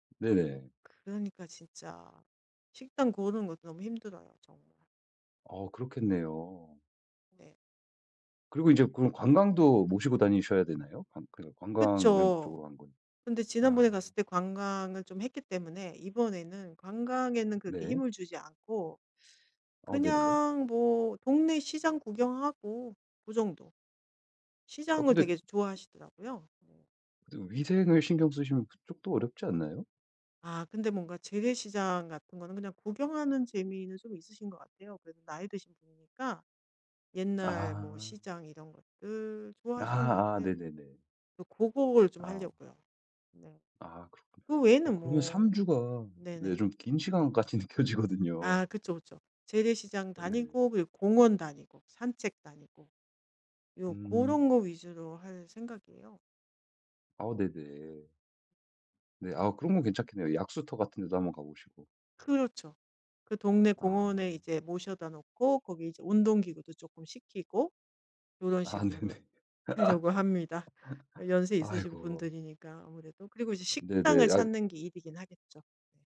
으. 네네. 그러니까 진짜 식당 고르는 것도 너무 힘들어요 정말. 어 그렇겠네요. 네. 그리고 이제 그럼 관광도 모시고 다니셔야 되나요? 관 그 관광을 그쵸. 목적으로 한 건. 근데 아. 지난번에 갔을 때 관광을 좀 했기 때문에 이번에는 관광에는 그렇게 네. 힘을 주지 않고 어 네네. 그냥 뭐 동네 시장 구경하고 그 정도. 어 시장을 근데 되게 좋아하시더라고요. 뭐 근데 위생을 신경 쓰시면 그쪽도 어렵지 않나요? 아 근데 뭔가 재래시장 같은 거는 그냥 구경하는 재미는 좀 있으신 것 같아요. 그래도 나이 드신 분이니까 옛날 뭐 아. 시장 이런 것들 좋아하시는 것 아아. 같아요. 네네네. 어 고거를 좀 아. 하려고요. 네. 아 그렇군요. 그 어 외에는 그러면 3 뭐 주가 네 네네. 좀 긴 시간같이 느껴지거든요. 아 그쵸, 그쵸. 재래시장 어. 네. 다니고 그리고 공원 다니고 산책 다니고 요 음. 고런 거 위주로 할 생각이에요. 아 네네. 네 아 그런 건 괜찮겠네요. 약수터 같은 데도 한번 가 보시고. 그렇죠. 그 동네 아. 공원에 이제 모셔다 놓고 거기 이제 운동 기구도 쪼끔 시키고 요런 아 네네. 식으로 하려고 합니다. 어 연세 있으신 아이고. 분들이니까 아무래도. 또 그리고 이제 어 네네. 식당을 약 찾는 게 일이긴 하겠죠. 네.